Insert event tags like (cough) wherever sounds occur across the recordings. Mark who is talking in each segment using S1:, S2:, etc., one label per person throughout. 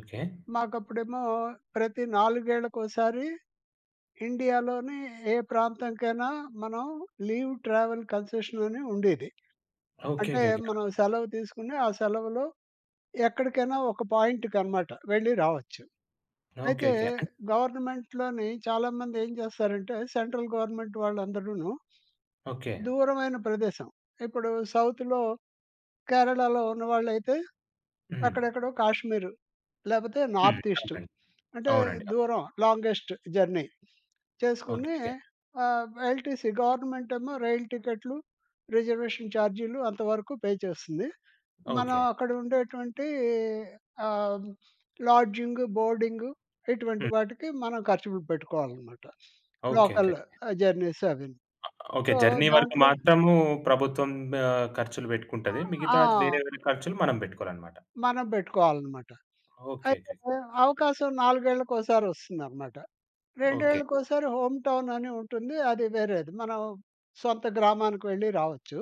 S1: Okay.
S2: మాకప్పుడేమో ప్రతి నాలుగేళ్లకోసారి ఇండియాలోని ఏ ప్రాంతానికైనా మనం లీవ్ ట్రావెల్ కన్సెషన్ అని ఉండేది. అంటే
S1: ఓకేకేకే.
S2: మనం
S1: ఓకే.
S2: సెలవు తీసుకుని ఆ సెలవులో ఎక్కడికైనా ఒక పాయింట్‌కన్నమాట వెళ్లి రావచ్చు. అయితే
S1: ఓకేకే. అన్
S2: గవర్నమెంట్‌లోని చాలామందేం చేస్తారంటే సెంట్రల్ గవర్నమెంట్ వాళ్ళందరూను
S1: ఓకే.
S2: దూరమైన ప్రదేశం, ఇప్పుడు సౌత్‌లో కేరళలో ఉన్నవాళ్లైతే
S1: హ్మ్.
S2: అక్కడెక్కడో కాశ్మీరు లేపోతే
S1: హ్మ్.
S2: నార్త్ ఈస్టు,
S1: అవునండి.
S2: అంటే
S1: అవునండి. అవును.
S2: దూరం లాంగెస్ట్ జర్నీ చేసుకొని
S1: ఓకేకే.
S2: ఆహ్, ఎల్‌టిసీ గవర్నమెంటేమో రైలు టికెట్లు రిజర్వేషన్ ఛార్జీలు అంతవరకు పే చేస్తుంది. మనం
S1: ఓకే.
S2: అక్కడ ఉండేటువంటి ఆహ్, లాడ్జింగు, బోర్డింగు ఇటువంటి
S1: హ్మ్.
S2: వాటికి మనం ఖర్చులు పెట్టుకోవాలనమాట (sniffs) లోకల్
S1: ఓకేకేకే.
S2: జర్నీస్ అవి.
S1: ఆహ్, ఓకే.
S2: సో
S1: జర్నీ వరకు
S2: దాంట్లో
S1: మాత్రము ప్రభుత్వం ఆహ్, ఖర్చులు బెట్టుకుంటది.
S2: ఆహ్,
S1: మిగతా
S2: ఆ!
S1: వేరే వేరే ఖర్చులు మనం బెట్టుకోవాలన్నమాట.
S2: మనం పెట్టుకోవాలనమాట. అయితే
S1: ఓకేకేకే.
S2: అవకాశం నాలుగేళ్లకోసారి ఒస్తుందనమాట.
S1: ఓకే.
S2: రెండేళ్లకోసారి హోమ్ టౌన్ అని ఉంటుంది అది వేరేది. మనం సొంత గ్రామానికి వెళ్లి రావచ్చు.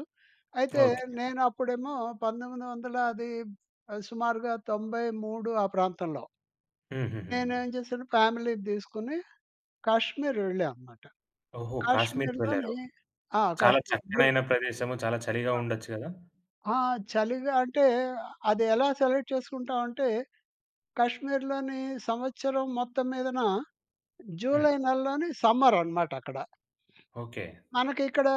S2: అయితే
S1: ఓకే.
S2: నేనప్పుడేమో 1900 అది సుమారుగా 93 ఆ ప్రాంతంలో
S1: హుహుహు.
S2: నేనేం చేశాను ఫ్యామిలీని తీసుకొని కశ్మీర్ వెళ్ళాం అన్నమాట.
S1: ఓహో! కాశ్మీర్‌కి వెళ్లారు.
S2: కాశ్మీర్‌లోని ఆ!
S1: చాలా
S2: కాశ్మీర్. బుల్
S1: చక్కనైన ప్రదేశం చాలా చలిగా
S2: ఆ!
S1: ఉండొచ్చు గదా?
S2: ఆ! చలిగా అంటే అదెలా సెలెక్ట్ చేసుకుంటాం అంటే కాశ్మీర్‌లోని సంవత్సరం మొత్తం మీదన
S1: హ్మ్.
S2: జులై నెలలోని సమ్మర్ అనమాటక్కడ.
S1: ఓకే.
S2: మనకిక్కడ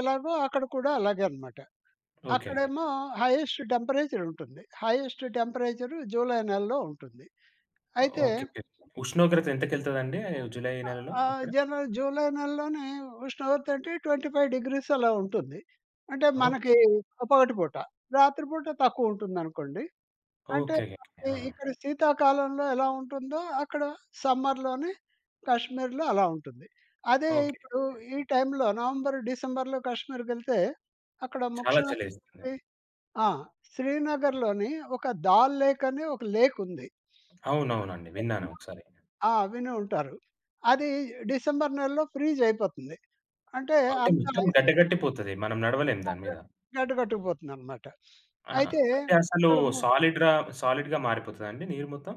S2: ఎలాగో అక్కడ కూడా అలాగే అనమాట.
S1: ఓకేకేకే.
S2: అక్కడేమో హైయెస్ట్ టెంపరేచర్ ఉంటుంది. హైయెస్ట్ టెంపరేచర్ జులై నెలలో ఉంటుంది. అయితే
S1: ఓకేకే. ఉష్ణోగ్రత ఎంతకెళ్తాదండి ఆహ్, జులై
S2: ఆహ్,
S1: నెలలో
S2: ఆ!
S1: అక్కడ?
S2: జర జూలై నెలలోనే స్నో తోంటి 25 C డిగ్రీస్ అలా ఉంటుంది. అంటే
S1: ఓకే.
S2: మనకి పొగటి పూట. రాత్రి పూట తక్కువుంటుందనుకోండి. అంటే
S1: ఓకేకేకే.
S2: అక్కడ
S1: ఆ!
S2: ఇక్కడ శీతాకాలంలో ఎలా ఉంటుందో అక్కడ సమ్మర్‌లోనే కాశ్మీర్‌లో అలా ఉంటుంది. అదే
S1: ఓకేకే.
S2: ఇప్పుడు ఈ టైంలో నవంబర్, డిసెంబర్‌లో కశ్మీర్‌కెళ్తే అక్కడ
S1: చాలా చలేస్తుంది.
S2: ముఖ్యమైనటువంటి ఆ! శ్రీనగర్‌లోని ఒక 'దాల్ లేక్' అని ఒక లేక్ ఉంది.
S1: అవునవునండి.
S2: (sniffs)
S1: విన్నాను
S2: అదేమో
S1: ఒకసారి.
S2: ఆ! వినే ఉంటారు. అది డిసెంబర్ నెలలో ఫ్రీజ్ అయిపోతుంది. అంటే
S1: అంటే
S2: అంత
S1: మొత్తం
S2: ఐస్
S1: గడ్డ
S2: అయిపో
S1: కట్టి పోతది. మనం నడవలేము దాని
S2: అది
S1: మీద.
S2: గడ్డ గట్టుకు పోతుందన్నమాట. (sniffs)
S1: ఆ!
S2: అయితే
S1: అంటే అసలు
S2: ఇక్కడ మో
S1: సాలిడ్‌ర సాలిడ్‌గా మారిపోతుందండి నీరు మొత్తం?